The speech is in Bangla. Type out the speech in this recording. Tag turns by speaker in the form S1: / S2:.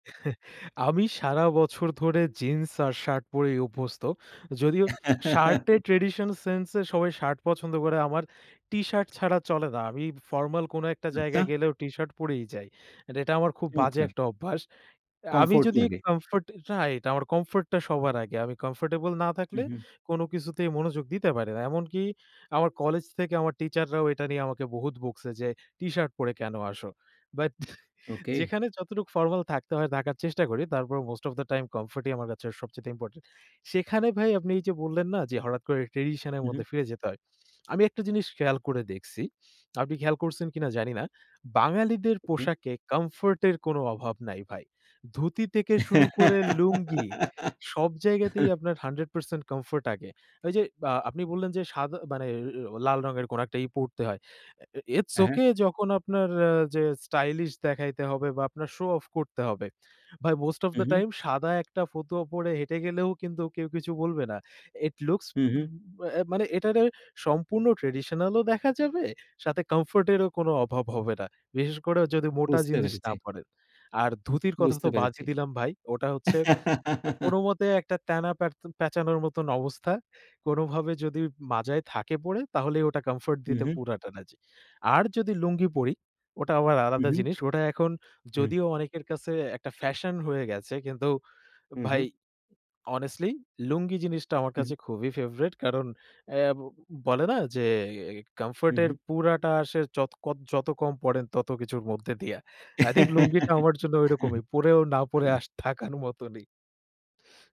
S1: আমি সারা বছর ধরে জিন্স আর শার্ট পরেই অভ্যস্ত। যদিও শার্টের ট্র্যাডিশন সেন্স এ, সবাই শার্ট পছন্দ করে, আমার টিশার্ট ছাড়া চলে না। আমি ফরমাল কোন একটা
S2: আচ্ছা।
S1: জায়গায় গেলেও টি শার্ট পরেই যাই। এট এটা আমার খুব বাজে
S2: চমৎকার!
S1: একটা অভ্যাস। আমি
S2: কমফোর্ট
S1: যদি
S2: লাগে।
S1: Comfort right. আমার কমফোর্ট টা সবার আগে, আমি কমফোর্টেবল না
S2: হু,
S1: থাকলে,
S2: হু।
S1: কোন কিছুতেই মনোযোগ দিতে পারি না। এমনকি আমার কলেজ থেকে আমার টিচার রাও এটা নিয়ে আমাকে বহুত বকছে যে, "টিশার্ট পরে কেন আসো?" But
S2: okay.
S1: যেখানে যতটুকু ফরমাল থাকতে হয়, থাকার চেষ্টা করি। তারপরও most of the time, comfort ই আমার কাছে সবচাইতে ইম্পোর্টেন্ট। সেখানে ভাই আপনি এই যে বললেন না? যে হঠাৎ করে ট্র্যাডিশন এর
S2: হু, হু।
S1: মধ্যে ফিরে যেতে হয়। আমি একটা জিনিস খেয়াল করে দেখছি। আপনি খেয়াল করছেন কিনা, জানি না। বাঙালিদের
S2: ওকে।
S1: পোশাকে কমফোর্ট এর কোন অভাব নাই ভাই। ধুতি থেকে শুরু করে লুঙ্গি, সব জায়গাতেই আপনার 100% কমফোর্ট আগে। ওই যে বা আপনি বললেন যে, সাদা মানে এ ও লাল রঙের কোন একটা ই পড়তে হয়। আ এ ইটস
S2: হ্যাঁ, হ্যাঁ।
S1: ওকে, যখন আপনার আ যে স্টাইলিশ দেখাইতে হবে বা আপনার শো-অফ করতে হবে। ভাই most of
S2: hmm,
S1: the
S2: hmm.
S1: Time, সাদা একটা ফতুয়া পড়ে হেঁটে গেলেও কিন্তু কেউ কিছু বলবে না। It looks
S2: hmm, hmm.
S1: উব অ্যা মানে এটারে সম্পূর্ণ ট্র্যাডিশনাল ও দেখা যাবে, সাথে কমফোর্ট এরও কোন অভাব হবে না। বিশেষ করে যদি মোটা
S2: বুঝতে
S1: জিনিস না
S2: পেরেছি।
S1: পড়েন। আর ধুতির কথা
S2: বুঝতে
S1: তো বাদই
S2: পেরেছি।
S1: দিলাম ভাই। ওটা হচ্ছে কো কোনোমতে একটা ত্যানা পেরত পেচানোর মতন অবস্থা। কোনভাবে যদি মাজায় থাকে পড়ে, তাহলেই ওটা কমফোর্ট
S2: হু,
S1: দিতে
S2: হু।
S1: পুরাটা না জি। আর যদি লুঙ্গি পড়ি, ওটা আবার
S2: হু,
S1: আলাদা
S2: হু।
S1: জিনিস। ওটা এখন
S2: হুম।
S1: যদিও অনেকের কাছে একটা ফ্যাশন হয়ে গেছে। কিন্তু
S2: হুম,
S1: ভাই
S2: হুম।
S1: অনেস্টলি, লুঙ্গি জিনিসটা আমার
S2: হু।
S1: কাছে খুবই ফেভরেট। কারণ অ্যা বলে না? যে এ
S2: হু,
S1: কমফোর্ট এর
S2: হু।
S1: পুরাটা আসে যত কদ যত কম পড়েন তত কিছুর মধ্যে দিয়া। আই থিংক
S2: হ্যাঁ,
S1: লুঙ্গিটা আমার জন্য ঐরকমই।
S2: হ্যাঁ।
S1: পড়েও না পড়ে আস থাকার মতনই।